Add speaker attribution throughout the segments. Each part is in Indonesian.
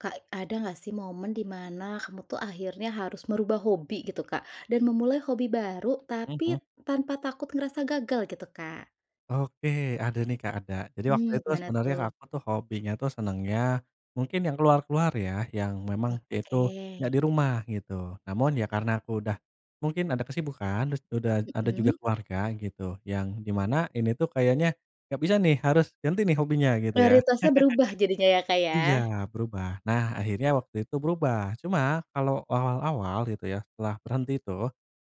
Speaker 1: Kak, ada nggak sih momen di mana kamu tuh akhirnya harus merubah hobi gitu, Kak, dan memulai hobi baru
Speaker 2: Mhm.
Speaker 1: tapi tanpa takut ngerasa gagal gitu, Kak?
Speaker 2: Oke, ada nih, Kak, ada. Jadi waktu
Speaker 1: Mmm,
Speaker 2: itu
Speaker 1: gimana
Speaker 2: sebenarnya
Speaker 1: tuh?
Speaker 2: aku tuh hobinya tuh senangnya, mungkin yang keluar-keluar ya, yang memang itu nggak
Speaker 1: Oke.
Speaker 2: di rumah gitu. Namun, ya karena aku udah mungkin ada kesibukan, terus udah ada juga
Speaker 1: Mhm.
Speaker 2: keluarga gitu, yang di mana ini tuh kayaknya nggak bisa nih, harus ganti nih hobinya, gitu ya.
Speaker 1: Prioritasnya berubah jadinya ya, Kak,
Speaker 2: Iya,
Speaker 1: ya?
Speaker 2: berubah. Nah, akhirnya waktu itu berubah. Cuma, kalo awal-awal gitu ya, setelah berhenti itu,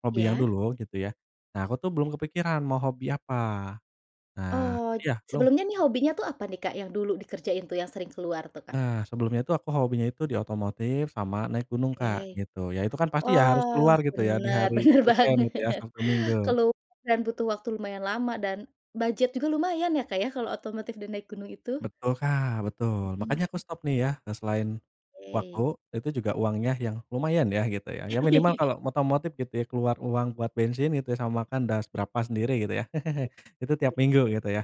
Speaker 2: hobi yang
Speaker 1: Iya.
Speaker 2: dulu gitu ya, nah, aku tuh belum kepikiran mau hobi apa. Nah
Speaker 1: Oh,
Speaker 2: iya, belum.
Speaker 1: sebelumnya nih hobinya tuh apa nih, Kak, yang dulu dikerjain tuh, yang sering keluar tuh, Kak?
Speaker 2: Nah, sebelumnya tuh aku hobinya itu di otomotif sama naik gunung, Kak,
Speaker 1: Oke.
Speaker 2: gitu. Ya itu kan pasti ya harus ke
Speaker 1: Wah,
Speaker 2: luar gitu ya, di
Speaker 1: benar,
Speaker 2: hari
Speaker 1: benar
Speaker 2: weekend itu ya,
Speaker 1: banget.
Speaker 2: Sabtu Minggu.
Speaker 1: Keluar dan butuh waktu lumayan lama dan budget juga lumayan ya, Kak, ya kalau otomotif dan naik gunung itu.
Speaker 2: Betul, Kak, betul. Makanya aku
Speaker 1: Mhm.
Speaker 2: stop nih ya, eee, selain waktu,
Speaker 1: Oke.
Speaker 2: itu juga uangnya yang lumayan ya, gitu ya. Ya minimal kalo otomotif gitu ya, keluar uang buat bensin itu ya, sama makan, dah seberapa sendiri gitu ya.
Speaker 1: Oh,
Speaker 2: Itu tiap
Speaker 1: begitu.
Speaker 2: minggu gitu ya.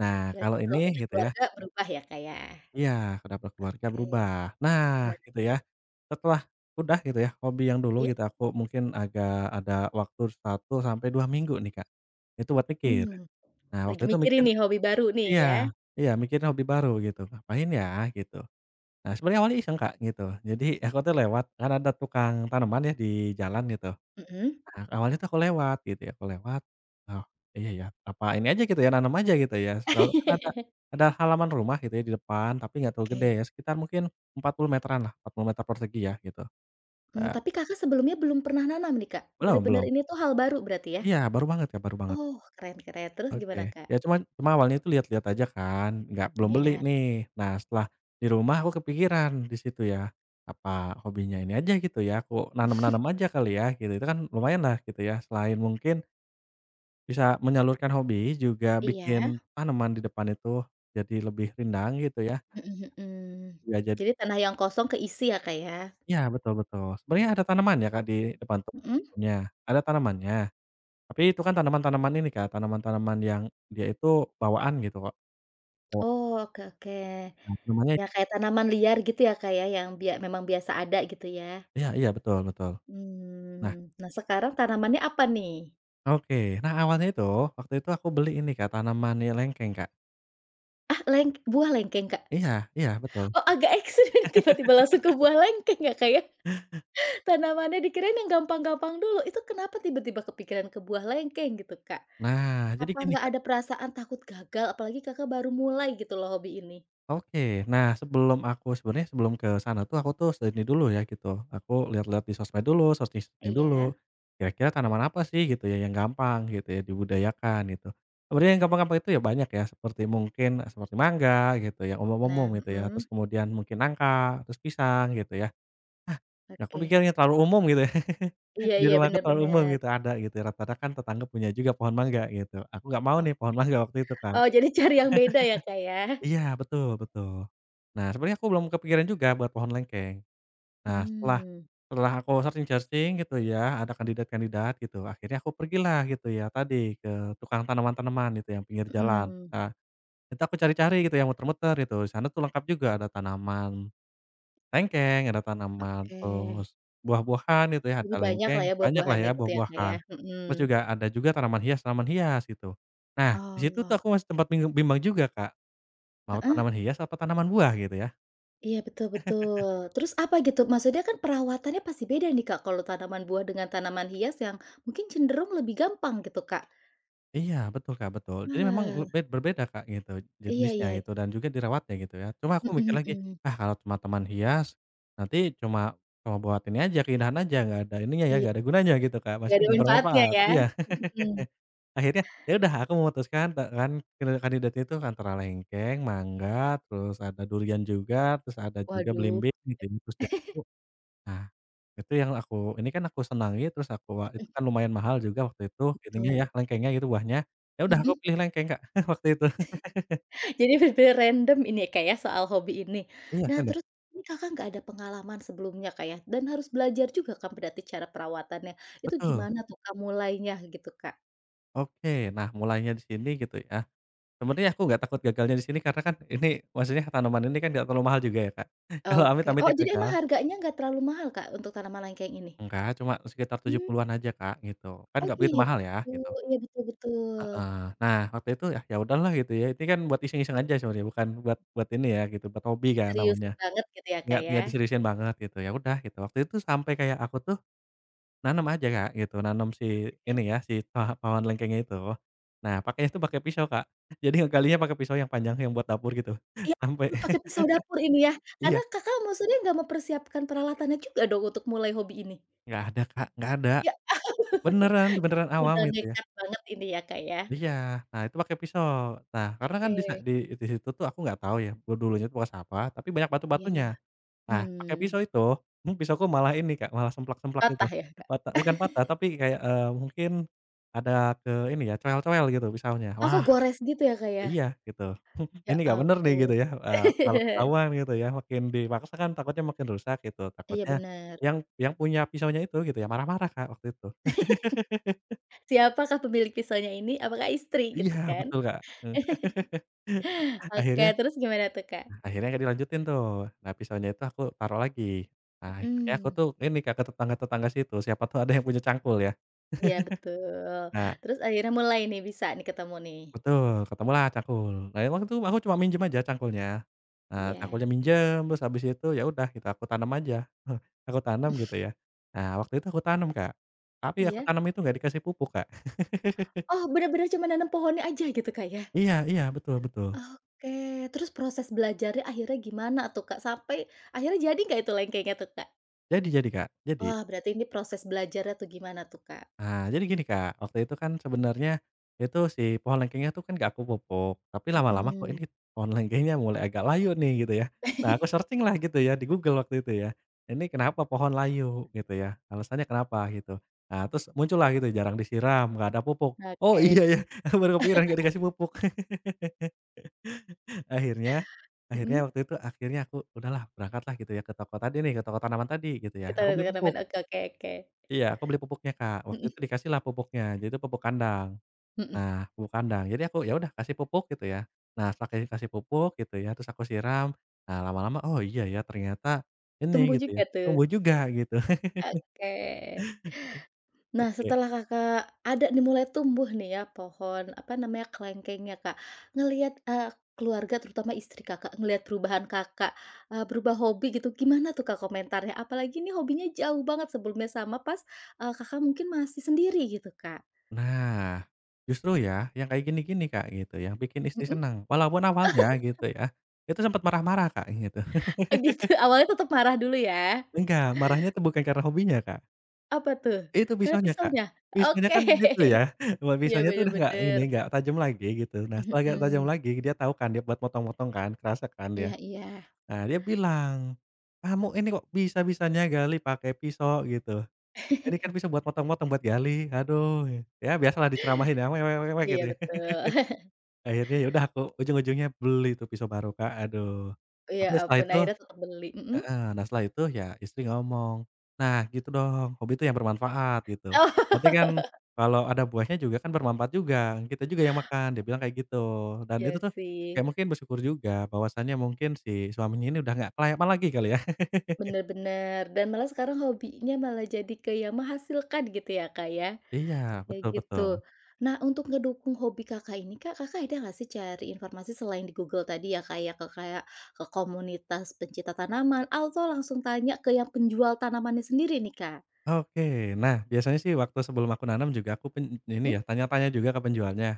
Speaker 2: Nah,
Speaker 1: Berarti
Speaker 2: kalo
Speaker 1: setelah
Speaker 2: ini,
Speaker 1: punya
Speaker 2: gitu ya
Speaker 1: keluarga berubah ya, Kak, ya?
Speaker 2: Iya, karena berkeluarga
Speaker 1: Oke.
Speaker 2: berubah. Nah,
Speaker 1: Gimana?
Speaker 2: gitu ya. Setelah udah gitu ya, hobi yang dulu
Speaker 1: Iya.
Speaker 2: gitu aku mungkin agak ada waktu 1 sampai 2 minggu nih, Kak, itu buat mikir.
Speaker 1: Mmm.
Speaker 2: Nah, waktu
Speaker 1: Lagi
Speaker 2: itu
Speaker 1: mikirin
Speaker 2: mikir
Speaker 1: nih, hobi baru nih
Speaker 2: iya
Speaker 1: ya?
Speaker 2: iya, mikirin hobi baru, gitu. "Ngapain ya?" gitu. Nah, sebenarnya awalnya iseng, Kak, gitu, jadi aku tuh lewat, kan ada tukang tanaman ya di jalan gitu.
Speaker 1: Mhm.
Speaker 2: Heeh. Awalnya tuh aku lewat gitu ya, aku lewat. "Oh, iya ya, apa ini aja," gitu ya, "nanam aja?" gitu ya. Soalnya kan ada ada halaman rumah gitu ya, di depan, tapi nggak terlalu gede,
Speaker 1: Oke.
Speaker 2: ya sekitar mungkin 40 meteran lah, 40 meter persegi ya gitu.
Speaker 1: Mmm,
Speaker 2: Eee
Speaker 1: tapi Kakak sebelumnya belum pernah nanam nih, Kak?
Speaker 2: Belum
Speaker 1: Benar-benar
Speaker 2: belum.
Speaker 1: ini tuh hal baru berarti ya?
Speaker 2: Iya, baru banget, Kak, baru banget.
Speaker 1: Oh, keren keren, terus gimana,
Speaker 2: Oke,
Speaker 1: Kak?
Speaker 2: ya cuman cuma awalnya tuh lial-liat aja kan, nggak belum beli
Speaker 1: Iya.
Speaker 2: nih. Nah, setelah di rumah aku kepikiran di situ ya, "Apa hobinya ini aja?" gitu ya, "Aku nanam-nanam aja kali ya?" gitu, itu kan lumayanlah gitu ya, selain mungkin bisa menyalurkan hobi, juga
Speaker 1: Iya?
Speaker 2: bikin tanaman di depan itu jadi lebih rindang gitu ya.
Speaker 1: Mhm mhm.
Speaker 2: Ya, jad
Speaker 1: Jadi tanah yang kosong keisi ya, Kak, ya?
Speaker 2: Ya, betul betul. Sebenarnya ada tanaman ya, Kak, di depan
Speaker 1: Mhm?
Speaker 2: pohonnya. Ada tanamannya. Tapi itu kan tanaman-tanaman ini, Kak, tanaman-tanaman yang dia itu bawaan, gitu Kak. Wak
Speaker 1: Oh, oke oke.
Speaker 2: Ya, namanya t
Speaker 1: Ya kayak tanaman liar gitu ya, Kak, ya, yang bia memang biasa ada gitu ya?
Speaker 2: Iya iya, betul betul. Nah
Speaker 1: Mmm, nah sekarang tanamannya apa nih?
Speaker 2: Oke. Nah, awalnya itu, waktu itu aku beli ini Kak, tanaman i lengkeng, Kak.
Speaker 1: Ah, leng buah lengkeng, Kak?
Speaker 2: Iya iya, betul.
Speaker 1: Oh, agak ekstrim tiba-tiba langsung ke buah lengkeng ya, Kak, ya? Tanamannya dikirain yang gampang-gampang dulu, itu kenapa tiba-tiba kepikiran ke buah lengkeng gitu, Kak?
Speaker 2: Nah, jadi
Speaker 1: Apa
Speaker 2: gini,
Speaker 1: nggak
Speaker 2: Kak
Speaker 1: ada perasaan takut gagal? Apalagi Kakak baru mulai gitu loh hobi ini.
Speaker 2: Oke, nah sebelum aku sebenarnya sebelum ke sana tuh aku tuh sudah ini dulu ya gitu, aku liat-liat di sosmed dulu, searching-searching
Speaker 1: Iya?
Speaker 2: dulu. Kira-kira tanaman apa sih gitu ya yang gampang gitu ya, dibudayakan gitu. Sebenarnya yang gampang-gampang itu ya banyak ya, seperti mungkin, seperti mangga, gitu, yang
Speaker 1: Nah,
Speaker 2: umum-umum gitu ya,
Speaker 1: mhm.
Speaker 2: terus kemudian mungkin nangka, terus pisang gitu ya. Ah, ya aku
Speaker 1: Oke.
Speaker 2: mikirnya terlalu umum gitu ya.
Speaker 1: Iya
Speaker 2: Di
Speaker 1: iya,
Speaker 2: rumah
Speaker 1: benar
Speaker 2: aku terlalu umum
Speaker 1: benar.
Speaker 2: gitu, ada gitu, rata-rata kan tetangga punya juga pohon mangga gitu. Aku gak mau
Speaker 1: Oke.
Speaker 2: nih pohon mangga waktu itu, Kak.
Speaker 1: Oh, jadi cari yang beda ya, Kak, ya?
Speaker 2: Iya, betul betul. Nah, sebenarnya aku belum kepikiran juga buat pohon lengkeng. Nah, setelah
Speaker 1: Mmm.
Speaker 2: setelah aku searching-searching gitu ya, ada kandidat-kandidat gitu, akhirnya aku pergilah gitu ya, tadi, ke tukang tanaman-tanaman gitu yang pinggir jalan.
Speaker 1: Mhm.
Speaker 2: Eee, itu aku cari-cari gitu ya, muter-muter gitu, di sana tuh lengkap juga, ada tanaman lengkeng, ada tanaman
Speaker 1: Oke.
Speaker 2: terus buah-buahan, gitu ya, ada
Speaker 1: Lebih banyaklah
Speaker 2: lengkeng,
Speaker 1: ya
Speaker 2: banyaklah
Speaker 1: buah-buahannya,
Speaker 2: ya
Speaker 1: gitu ya, Kak, ya?
Speaker 2: buah-buahan. Terus
Speaker 1: Mhm.
Speaker 2: juga ada juga tanaman hias-tanaman hias gitu. Nah, di situ tuh
Speaker 1: Oh.
Speaker 2: aku masih sempat bingung bimbang juga, Kak. Mau
Speaker 1: Heeh?
Speaker 2: tanaman hias atau tanaman buah gitu ya?
Speaker 1: Iya, betul betul, terus apa, gitu? Maksudnya kan perawatannya pasti beda nih, Kak, kalau tanaman buah dengan tanaman hias yang mungkin cenderung lebih gampang gitu, Kak.
Speaker 2: Iya, betul Kak, betul. Jadi memang le
Speaker 1: Wah.
Speaker 2: bed berbeda Kak, gitu,
Speaker 1: Iya
Speaker 2: jenisnya,
Speaker 1: iya.
Speaker 2: gitu. Dan juga dirawatnya, gitu ya. Cuma aku mikir
Speaker 1: Mhm
Speaker 2: lagi,
Speaker 1: mhm.
Speaker 2: "Ah, kalau cuma taman hias, nanti cuma cuma buat ini aja, keindahan aja, nggak ada ininya ya,
Speaker 1: Iya.
Speaker 2: nggak ada gunanya," gitu Kak.
Speaker 1: Nggak
Speaker 2: Maksudnya
Speaker 1: ada
Speaker 2: nggak
Speaker 1: manfaatnya,
Speaker 2: bermanfaat.
Speaker 1: ya.
Speaker 2: Iya.
Speaker 1: Mhm.
Speaker 2: Akhirnya ya udah, aku memutuskan, te kan, eee, kandidatnya itu antara lengkeng, mangga, terus ada durian juga, terus ada juga
Speaker 1: Waduh.
Speaker 2: belimbing belimbing, terus jambu. Ah, itu yang aku ini kan, aku senangi, terus aku a itu
Speaker 1: Mhm.
Speaker 2: kan lumayan mahal juga waktu itu, ininya
Speaker 1: Betul.
Speaker 2: ya, lengkengnya itu, buahnya. Ya udah, aku
Speaker 1: Mhm.
Speaker 2: pilih lengkeng Kak, waktu itu.
Speaker 1: Jadi lebih ke random ini ya Kak ya, soal hobi ini.
Speaker 2: Iya,
Speaker 1: Nah,
Speaker 2: random.
Speaker 1: terus ini Kakak nggak ada pengalaman sebelumnya Kak ya, dan harus belajar juga kan berarti, cara perawatannya. Itu
Speaker 2: Betul.
Speaker 1: gimana tuh Kak, mulainya, gitu Kak?
Speaker 2: Oke. Nah, mulainya di sini, gitu ya, sebenarnya aku nggak takut gagalnya di sini, karena kan ini maksudnya, tanaman ini kan nggak terlalu mahal juga ya Kak. Kalau
Speaker 1: Oke. Oh,
Speaker 2: amit-amitnya
Speaker 1: jadi emang
Speaker 2: gagal
Speaker 1: harganya nggak terlalu mahal Kak, untuk tanaman lengkeng ini?
Speaker 2: Enggak, cuma sekitar tujuh
Speaker 1: Mmm.
Speaker 2: puluhan aja Kak, gitu. Kan
Speaker 1: Oh,
Speaker 2: nggak begitu
Speaker 1: gitu.
Speaker 2: mahal ya, gitu.
Speaker 1: Iya, betul betul.
Speaker 2: Heeh. Nah, waktu itu ya, "Ya udah, lah," gitu ya. Ini kan buat iseng-iseng aja sebenarnya, bukan buat buat ini ya, gitu. Buat hobi, kan
Speaker 1: Seriusin
Speaker 2: namanya.
Speaker 1: banget, gitu ya
Speaker 2: Nggak
Speaker 1: Kak
Speaker 2: nggak
Speaker 1: ya.
Speaker 2: diseriusin banget, gitu. Ya udah, gitu. Waktu itu sampai kayak, aku tuh nanam aja Kak, gitu. Nanam si
Speaker 1: Oke.
Speaker 2: ini ya, si paha pohon lengkeng itu. Nah, pakainya tuh pake pisau, Kak. Jadi ngegalinya pake pisau yang panjang, yang buat dapur gitu.
Speaker 1: Ya
Speaker 2: Sampai
Speaker 1: ampun, pakai pisau dapur, ini ya?
Speaker 2: iya.
Speaker 1: Karena Kakak maksudnya nggak mempersiapkan peralatannya juga dong, untuk mulai hobi ini?
Speaker 2: Nggak ada Kak, nggak ada.
Speaker 1: Ya ah
Speaker 2: Benaran benaran awam,
Speaker 1: modal
Speaker 2: gitu ya.
Speaker 1: nekat banget ini, ya Kak ya?
Speaker 2: Iya, nah, itu pakai pisau. Nah, karena kan, di sa
Speaker 1: Oke.
Speaker 2: di it di situ tuh, aku nggak tahu, ya, be dulunya tuh, bekas apa, tapi banyak batu-batunya.
Speaker 1: Iya.
Speaker 2: Nah, pake
Speaker 1: Mmm.
Speaker 2: pisau itu nih pisauku malah ini Kak, malah semplak-semplak gitu.
Speaker 1: Patah ya, Kak?
Speaker 2: Pata bukan patah, tapi kayak, eee, mungkin, ada ke ini ya, cowel-cowel gitu, pisaunya.
Speaker 1: Oh,
Speaker 2: Wah.
Speaker 1: kegores gitu, ya Kak ya?
Speaker 2: Iya, gitu.
Speaker 1: Ya
Speaker 2: "Ini nggak benar, nih,"
Speaker 1: ampun.
Speaker 2: gitu ya, eee, "kalau ketahuan," gitu ya. Makin dipaksa kan takutnya makin rusak, gitu.
Speaker 1: Iya,
Speaker 2: Takutnya
Speaker 1: benar.
Speaker 2: yang yang punya pisaunya itu, gitu ya, marah-marah Kak, waktu itu.
Speaker 1: Siapakah pemilik pisaunya ini? Apakah istri,
Speaker 2: Iya,
Speaker 1: gitu kan.
Speaker 2: betul Kak, eee, a
Speaker 1: Oke,
Speaker 2: akhirnya
Speaker 1: terus gimana tuh, Kak?
Speaker 2: akhirnya nggak dilanjutin, tuh. Nah, pisaunya itu, aku taruh lagi. Nah, akhirnya aku
Speaker 1: Mhm.
Speaker 2: tuh, ini Kak, ke tetangga-tetangga situ. Siapa tahu ada yang punya cangkul, ya.
Speaker 1: Iya, betul.
Speaker 2: Nah
Speaker 1: Terus akhirnya mulai nih, bisa nih, ketemu nih.
Speaker 2: Betul, ketemu lah cangkul. Nah, emang tuh, aku cuma minjam aja, cangkulnya. Nah,
Speaker 1: Iya.
Speaker 2: cangkulnya minjam, terus habis itu, ya udah, gitu. Aku tanam aja. Aku tanam, gitu ya. Nah, waktu itu aku tanam, Kak. Tapi, aku
Speaker 1: Iya?
Speaker 2: tanam itu, nggak dikasih pupuk, Kak.
Speaker 1: Oh, benar-benar cuma nanam pohonnya aja, gitu Kak, ya?
Speaker 2: Iya iya, betul betul.
Speaker 1: Oke, terus proses belajarnya, akhirnya gimana tuh Kak, sampai akhirnya jadi nggak itu lengkengnya tuh, Kak?
Speaker 2: Jadi jadi, Kak, jadi.
Speaker 1: Wah, berarti ini proses belajarnya tuh, gimana tuh Kak?
Speaker 2: Ah, jadi gini, Kak. Waktu itu kan sebenarnya itu si pohon lengkengnya tuh, kan nggak aku pupuk. Tapi lama-lama kok
Speaker 1: Mhm.
Speaker 2: ini pohon lengkengnya mulai agak layu nih, gitu ya. Nah, aku searching lah, gitu ya, di Google waktu itu ya. "Ini kenapa pohon layu?" Gitu ya. "Alasannya kenapa?" Gitu. Nah, terus muncul lah, gitu, jarang disiram, nggak ada pupuk. "Oh, iya,
Speaker 1: Oke.
Speaker 2: ya!" Aku baru kepikiran, nggak dikasih pupuk. Akhirnya akhirnya
Speaker 1: Mhm.
Speaker 2: waktu itu akhirnya aku udah lah, berangkat lah, gitu ya, ke toko tadi nih ke toko tanaman tadi, gitu
Speaker 1: Ke
Speaker 2: ya. Aku
Speaker 1: toko gu
Speaker 2: beli
Speaker 1: tanaman,
Speaker 2: pupuk.
Speaker 1: oke oke oke.
Speaker 2: Iya, aku beli pupuknya, Kak. Waktu
Speaker 1: Mhm.
Speaker 2: itu, dikasihlah pupuknya. Jadi tuh, pupuk kandang.
Speaker 1: Mhm.
Speaker 2: Nah, pupuk kandang. Jadi aku ya udah, kasih pupuk, gitu ya. Nah, setelah ke kasih pupuk, gitu ya, terus aku siram. Nah, lama-lama, "Oh, iya ya, ternyata, ini,"
Speaker 1: Tumbuh
Speaker 2: gitu ya,
Speaker 1: juga,
Speaker 2: "tumbuh
Speaker 1: tuh.
Speaker 2: juga," gitu.
Speaker 1: Oke. Nah,
Speaker 2: Oke.
Speaker 1: setelah Kakak ada nih, mulai tumbuh nih ya, pohon apa namanya, kelengkengnya Kak. Ngelihat eee, keluarga, terutama istri Kakak, ngelihat perubahan Kakak, eee, berubah hobi gitu, gimana tuh Kak, komentarnya? Apalagi ini hobinya jauh banget sebelumnya sama pas, eee, Kakak mungkin masih sendiri, gitu Kak.
Speaker 2: Nah, justru ya, yang kayak gini-gini Kak, gitu, yang bikin istri
Speaker 1: Mhm.
Speaker 2: senang. Walaupun awalnya, gitu ya, itu sempat marah-marah, Kak, gitu.
Speaker 1: Oh, gitu. Awalnya tetap marah dulu ya.
Speaker 2: Enggak, marahnya tuh bukan karena hobinya, Kak.
Speaker 1: Apa, tuh?
Speaker 2: Itu,
Speaker 1: Karena
Speaker 2: pisaunya, Kak.
Speaker 1: pisaunya?
Speaker 2: Pisaunya
Speaker 1: Oke.
Speaker 2: kan itu ya, ma
Speaker 1: Iya,
Speaker 2: pisaunya tuh
Speaker 1: benar
Speaker 2: udah nggak, ini,
Speaker 1: benar.
Speaker 2: nggak tajam lagi, gitu. Nah,
Speaker 1: Mhm
Speaker 2: setelah nggak tajam
Speaker 1: mhm.
Speaker 2: lagi, dia tau kan, dia buat motong-motong, kan. Kerasa kan, dia.
Speaker 1: Iya iya.
Speaker 2: Nah, dia bilang, "Kamu ini, kok bisa-bisanya gali pake pisau?" Gitu. "Ini kan pisau buat motong-motong, buat gali, aduh!" Ya, biasalah, diceramahin ya, "We we we we,"
Speaker 1: Iya,
Speaker 2: gitu ya.
Speaker 1: betul.
Speaker 2: Akhirnya ya udah, aku ujung-ujungnya beli tuh, pisau baru, Kak, aduh.
Speaker 1: Oh, ya
Speaker 2: Tapi ya, setelah
Speaker 1: ampun.
Speaker 2: itu
Speaker 1: Akhirnya tetap beli. Mhm?
Speaker 2: heeh. Nah, setelah itu, ya istri ngomong, "Nah, gitu dong. Hobi tuh yang bermanfaat," gitu. "Nanti kan
Speaker 1: Oh.
Speaker 2: kalau ada buahnya juga, kan bermanfaat juga. Kita juga yang makan," dia bilang kayak gitu. Dan itu
Speaker 1: Ya,
Speaker 2: tuh, ya
Speaker 1: sih.
Speaker 2: mungkin bersyukur juga, bahwasanya mungkin si suaminya ini udah nggak kelayapan lagi, kali ya.
Speaker 1: Benar benar. Dan malah sekarang hobinya malah jadi ke yang menghasilkan, gitu ya Kak ya.
Speaker 2: Iya,
Speaker 1: Kayak
Speaker 2: betul
Speaker 1: gitu.
Speaker 2: betul.
Speaker 1: Nah, untuk ngedukung hobi Kakak ini Kak, Kakak ada nggak sih, cari informasi, selain di Google tadi ya Kak ya. Ke kayak ke komunitas pencinta tanaman, atau langsung tanya ke yang penjual tanamannya sendiri nih, Kak?
Speaker 2: Oke. Nah, biasanya sih, waktu sebelum aku nanam juga, aku pen n ini
Speaker 1: Mhm?
Speaker 2: ya, tanya-tanya juga, ke penjualnya.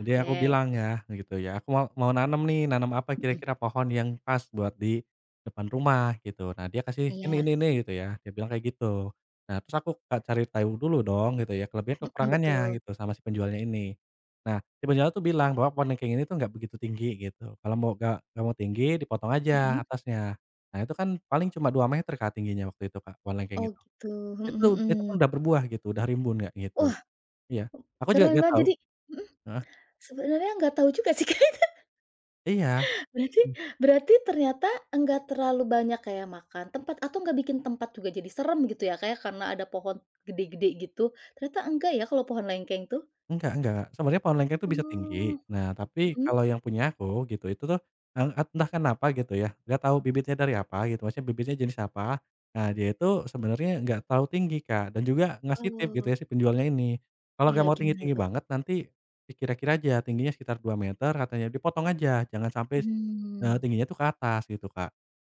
Speaker 2: Jadi aku bilang, ya, gitu ya, "Aku mau mau nanam, nih. Nanam apa
Speaker 1: Mhm.
Speaker 2: kira-kira, pohon yang pas, buat di depan rumah?" gitu. Nah, dia kasih, "Ini
Speaker 1: Iya.
Speaker 2: ini ini," gitu ya. Dia bilang kayak gitu. Nah, terus aku kayak cari tahu dulu, dong, gitu ya. Kelebihan
Speaker 1: Mhm,
Speaker 2: kekurangannya,
Speaker 1: betul.
Speaker 2: gitu, sama si penjualnya ini. Nah, si penjualnya tuh bilang, bahwa pohon lengkeng ini tuh nggak begitu tinggi, gitu. "Kalau mau gak nggak mau tinggi, dipotong
Speaker 1: Mhm.
Speaker 2: aja atasnya." Nah, itu kan, paling cuma 2 meter, Kak, tingginya waktu itu Kak, pohon lengkeng
Speaker 1: Oh,
Speaker 2: itu.
Speaker 1: gitu. Mhm
Speaker 2: Itu itu pun
Speaker 1: mhm.
Speaker 2: udah berbuah, gitu. Udah rimbun, Kak, gitu.
Speaker 1: Wah.
Speaker 2: Iya, aku juga
Speaker 1: Keren
Speaker 2: nggak
Speaker 1: banget,
Speaker 2: tahu
Speaker 1: jadi mhm?
Speaker 2: heeh?
Speaker 1: Sebenarnya, nggak tahu juga sih kayak,
Speaker 2: Iya.
Speaker 1: ka Berarti berarti ternyata, enggak terlalu banyak kayak makan tempat, atau nggak bikin tempat juga jadi seram, gitu ya Kak ya, karena ada pohon gede-gede gitu? Ternyata enggak ya, kalau pohon lengkeng, tuh.
Speaker 2: Enggak enggak. Sebenarnya, pohon lengkeng tuh bisa tinggi.
Speaker 1: Oh.
Speaker 2: Nah, tapi,
Speaker 1: Mhm?
Speaker 2: kalau yang punya aku, gitu, itu tuh, en et entah kenapa, gitu ya, nggak tau bibitnya dari apa, gitu, maksudnya, bibitnya jenis apa. Nah, dia itu, sebenarnya, nggak terlalu tinggi, Kak. Dan juga, ngasih tips, gitu
Speaker 1: Oh.
Speaker 2: ya, si penjualnya ini. "Kalau
Speaker 1: Iya,
Speaker 2: nggak mau
Speaker 1: gimana
Speaker 2: tinggi-tinggi
Speaker 1: tuh?
Speaker 2: banget, nanti dikira-kira aja, tingginya sekitar 2 meter," katanya, "dipotong aja, jangan sampai s eee,
Speaker 1: Mmm.
Speaker 2: tingginya tuh ke atas," gitu, Kak.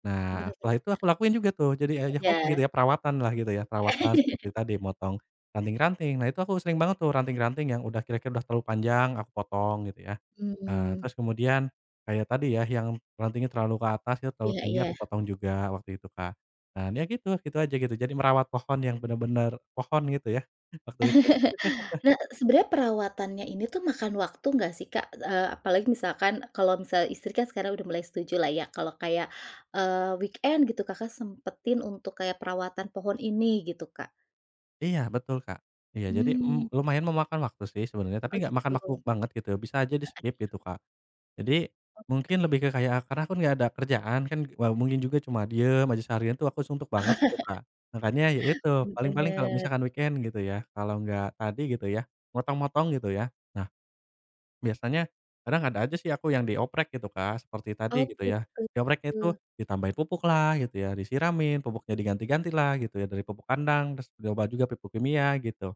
Speaker 2: Nah,
Speaker 1: Benar
Speaker 2: setelah itu,
Speaker 1: benar.
Speaker 2: aku lakuin juga tuh. Jadinya ya hob gitu
Speaker 1: Iya.
Speaker 2: ya, perawatan lah, gitu ya. Perawatan seperti tadi, motong ranting-ranting. Nah, itu aku sering banget tuh, ranting-ranting yang udah kira-kira udah terlalu panjang, aku potong, gitu ya. Ah,
Speaker 1: Mhm.
Speaker 2: terus kemudian kayak tadi ya, yang rantingnya terlalu ke atas, gitu, terlalu
Speaker 1: Iya
Speaker 2: tinggi,
Speaker 1: iya.
Speaker 2: aku potong juga, waktu itu, Kak. Dan, ya gitu gitu aja, gitu. Jadi, merawat pohon yang benar-benar pohon, gitu ya, waktu itu.
Speaker 1: Nah, sebenarnya perawatannya ini tuh, makan waktu, nggak sih, Kak? E eee, apalagi misalkan, kalau misal istri kan sekarang udah mulai setuju lah ya, kalau kayak, eee, weekend, gitu, Kakak sempatin untuk kayak perawatan pohon ini, gitu, Kak.
Speaker 2: Iya, betul Kak. Iya, jadi, m
Speaker 1: Mmm.
Speaker 2: lumayan memakan waktu sih, sebenarnya. Tapi
Speaker 1: Oh,
Speaker 2: nggak makan waktu
Speaker 1: gitu.
Speaker 2: banget, gitu ya. Bisa aja
Speaker 1: Heeh,
Speaker 2: di-skip,
Speaker 1: iya.
Speaker 2: gitu Kak. Jadi, mungkin
Speaker 1: Oke.
Speaker 2: lebih ke kayak karena akun nggak ada kerjaan, kan. Wal mungkin juga cuma diem aja seharian, tuh, aku suntuk banget, itu Kak. Makanya, ya itu.
Speaker 1: Mmm,
Speaker 2: Paling-paling kalau
Speaker 1: benar.
Speaker 2: misalkan weekend, gitu ya, kalau nggak tadi, gitu ya, motong-motong, gitu ya, nah, biasanya, kadang ada aja sih aku, yang dioprek, gitu Kak. Seperti tadi,
Speaker 1: Oh,
Speaker 2: gitu ya. Diopreknya itu
Speaker 1: gitu.
Speaker 2: ditambahin pupuk lah, gitu ya, disiramin, pupuknya diganti-ganti lah, gitu ya. Dari pupuk kandang, terus nyoba juga pupuk kimia, gitu.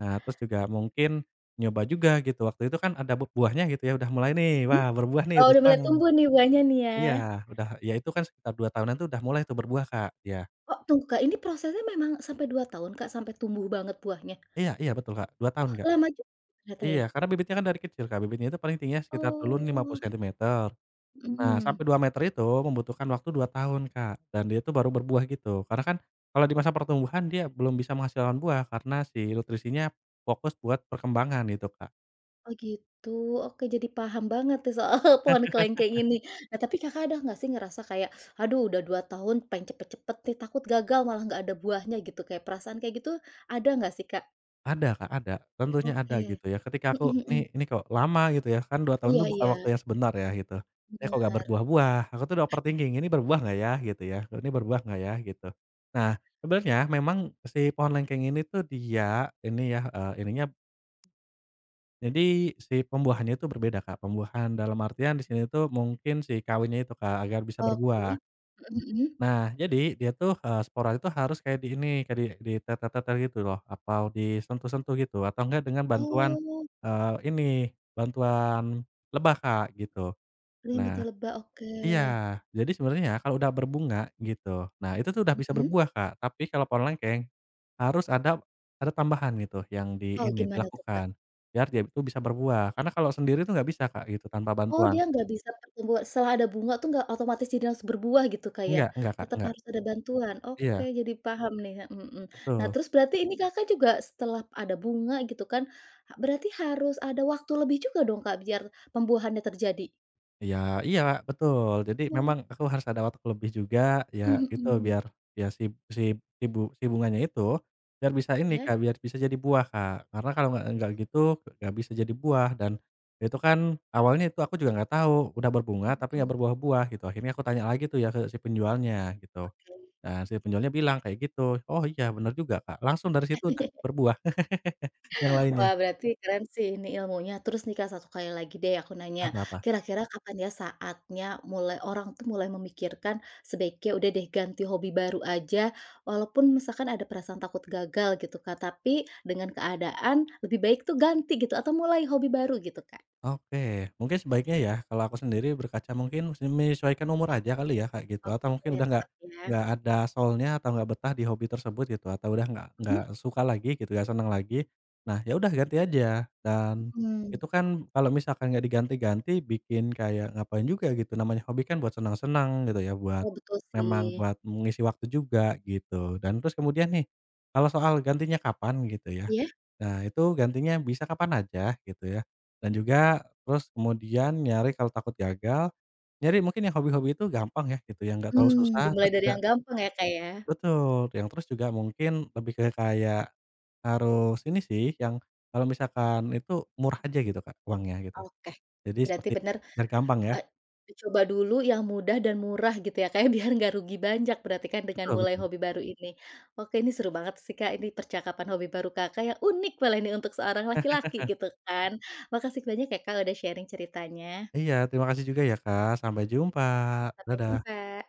Speaker 2: Nah, terus juga mungkin nyoba juga, gitu. Waktu itu kan, ada b buahnya, gitu ya, udah mulai, nih.
Speaker 1: Mhm?
Speaker 2: "Wah, berbuah nih,"
Speaker 1: Oh,
Speaker 2: udah
Speaker 1: udah mulai
Speaker 2: senang.
Speaker 1: tumbuh, nih, buahnya nih, ya.
Speaker 2: Iya, udah ya itu kan, sekitar 2 tahunan tuh, udah mulai tuh berbuah, Kak. Iya.
Speaker 1: Oh, tunggu Kak. Ini prosesnya memang sampai 2 tahun Kak, sampai tumbuh banget buahnya?
Speaker 2: Iya, iya betul, Kak. 2 tahun,
Speaker 1: Wah,
Speaker 2: Kak.
Speaker 1: lama juga ternyata,
Speaker 2: Iya,
Speaker 1: ya.
Speaker 2: karena bibitnya kan dari kecil, Kak. Bibitnya itu paling tingginya sekitar dulu n 50
Speaker 1: Oh.
Speaker 2: sentimeter. Nah,
Speaker 1: Mhm.
Speaker 2: sampai 2 meter itu, membutuhkan waktu 2 tahun, Kak. Dan dia itu baru berbuah gitu. Karena kan, kalau di masa pertumbuhan, dia belum bisa menghasilkan buah, karena si nutrisinya fokus buat perkembangan, gitu Kak.
Speaker 1: Oh, gitu. Oke, jadi paham banget nih, soal pohon kelengkeng ini. Nah, tapi Kakak ada nggak sih, ngerasa kayak, "Aduh, udah 2 tahun, pengen cepat-cepat nih, takut gagal malah nggak ada buahnya," gitu, kayak perasaan kayak gitu, ada nggak sih, Kak?
Speaker 2: Ada Kak, ada. Tentunya ada,
Speaker 1: Oke.
Speaker 2: gitu ya. Ketika aku,
Speaker 1: Mhm mhm.
Speaker 2: "Nih ini kok lama?" gitu, ya. Kan 2 tahun
Speaker 1: Iya
Speaker 2: tuh buka waktu
Speaker 1: iya.
Speaker 2: yang sebentar ya, gitu. "Eh, kok nggak
Speaker 1: Benar.
Speaker 2: berbuah-buah?" Aku tuh udah overthinking, "Ini berbuah nggak, ya?" Gitu ya. "Ini berbuah nggak, ya?" Gitu. Nah, sebenarnya memang si pohon lengkeng ini tuh dia ini ya, eee, ininya p jadi si pembuahannya itu berbeda, Kak. Pembuahan dalam artian di sini tuh, mungkin si kawinnya itu, Kak. Agar bisa berbuah.
Speaker 1: Oke, mhm mhm.
Speaker 2: Nah, jadi, dia tuh, eee, spora itu harus kayak di ini, kayak di ditetel-tetel gitu loh. Atau disentuh-sentuh gitu. Atau nggak dengan bantuan,
Speaker 1: Oh.
Speaker 2: eee, ini, bantuan lebah Kak, gitu.
Speaker 1: Dibantu
Speaker 2: Nah
Speaker 1: lebah, oke.
Speaker 2: iya. Jadi sebenarnya ya, kalau udah berbunga, gitu, nah itu tuh, udah bisa
Speaker 1: Mhm?
Speaker 2: berbuah, Kak. Tapi kalau pohon lengkeng, harus ada ada tambahan, gitu, yang di
Speaker 1: Oh,
Speaker 2: ini,
Speaker 1: gimana tuh, Kak?
Speaker 2: dilakukan. Biar dia itu bisa berbuah. Karena kalau sendiri tuh, nggak bisa, Kak, gitu, tanpa
Speaker 1: Oh, dia
Speaker 2: bantuan.
Speaker 1: nggak bisa pertumbu setelah ada bunga tuh, nggak otomatis jadi langsung berbuah gitu, Kak, ya?
Speaker 2: Enggak enggak, Kak,
Speaker 1: Tetap
Speaker 2: enggak.
Speaker 1: harus ada bantuan? Oke,
Speaker 2: Iya.
Speaker 1: jadi paham nih, a mhm. Nah,
Speaker 2: Betul.
Speaker 1: terus, berarti ini Kakak juga, setelah ada bunga, gitu kan, ha berarti harus ada waktu lebih juga dong, Kak, biar pembuahannya terjadi?
Speaker 2: Ya iya, betul. Jadi,
Speaker 1: Oh.
Speaker 2: memang aku harus ada waktu lebih juga. Ya,
Speaker 1: Mhm
Speaker 2: gitu.
Speaker 1: mhm.
Speaker 2: Biar biar si b si ibu si bunganya itu, biar bisa ini
Speaker 1: Ya?
Speaker 2: Kak, biar bisa jadi buah, Kak. Karena kalau nggak nggak gitu, nggak bisa jadi buah. Dan, itu kan, awalnya itu aku juga nggak tahu. Udah berbunga,
Speaker 1: Mhm
Speaker 2: tapi nggak
Speaker 1: mhm.
Speaker 2: berbuah-buah, gitu. Akhirnya aku tanya lagi tuh ya, ke si penjualnya, gitu.
Speaker 1: Oke.
Speaker 2: Nah, si penjualnya bilang kayak gitu. Oh, iya, benar juga, Kak. Langsung dari situ udah, berbuah. Yang lainnya.
Speaker 1: Wah, berarti keren sih ini, ilmunya. Terus nih, Kak, satu kali lagi deh, aku nanya.
Speaker 2: Apa apa?
Speaker 1: Kira-kira kapan, ya, saatnya mulai orang tuh mulai memikirkan, sebaiknya, "Udah deh, ganti hobi baru aja." Walaupun misalkan ada perasaan takut gagal, gitu Kak. Tapi dengan keadaan, lebih baik tuh ganti, gitu. Atau mulai hobi baru, gitu, Kak.
Speaker 2: Oke. Mungkin, sebaiknya ya, kalau aku sendiri berkaca, mungkin se menyesuaikan umur aja kali ya, kayak gitu.
Speaker 1: Oke.
Speaker 2: Atau mungkin udah nggak
Speaker 1: Tetap, ya.
Speaker 2: nggak ada soul-nya atau nggak betah di hobi tersebut, gitu. Atau udah nggak nggak
Speaker 1: Mhm?
Speaker 2: suka lagi, gitu, nggak senang lagi, nah, ya udah, ganti aja. Dan,
Speaker 1: Mhm.
Speaker 2: itu kan, kalau misalkan nggak diganti-ganti, bikin kayak ngapain juga, gitu, namanya hobi kan, buat senang-senang, gitu ya, buat
Speaker 1: Oh, betul
Speaker 2: memang
Speaker 1: sih.
Speaker 2: buat mengisi waktu juga, gitu. Dan, terus kemudian, nih, kalau soal gantinya kapan, gitu ya,
Speaker 1: Iya?
Speaker 2: nah, itu, gantinya bisa kapan aja, gitu ya. Dan juga, terus kemudian, nyari kalo takut gagal, nyari mungkin yang hobi-hobi itu gampang, ya, gitu. Yang nggak terlalu
Speaker 1: Mmm,
Speaker 2: susah,
Speaker 1: dimulai
Speaker 2: terus
Speaker 1: dari
Speaker 2: juga
Speaker 1: yang gampang, ya Kak, ya.
Speaker 2: Betul. Te yang terus juga mungkin lebih ke kayak, harus ini sih, yang kalau misalkan itu murah aja, gitu Kak. Uangnya, gitu.
Speaker 1: Oke.
Speaker 2: Jadi
Speaker 1: Berarti
Speaker 2: seperti
Speaker 1: benar,
Speaker 2: biar gampang,
Speaker 1: e
Speaker 2: ya.
Speaker 1: dicoba dulu yang mudah dan murah, gitu ya Kak ya. Biar nggak rugi banyak berarti kan, dengan
Speaker 2: Betul
Speaker 1: mulai
Speaker 2: betul.
Speaker 1: hobi baru ini. Oke, ini seru banget sih Kak, ini percakapan hobi baru Kakak, yang unik kalau ini untuk seorang laki-laki, gitu kan. Makasih banyak ya Kak, udah sharing ceritanya.
Speaker 2: Iya, terima kasih juga ya, Kak. Sampai jumpa.
Speaker 1: Sampai
Speaker 2: Dadah.
Speaker 1: jumpa.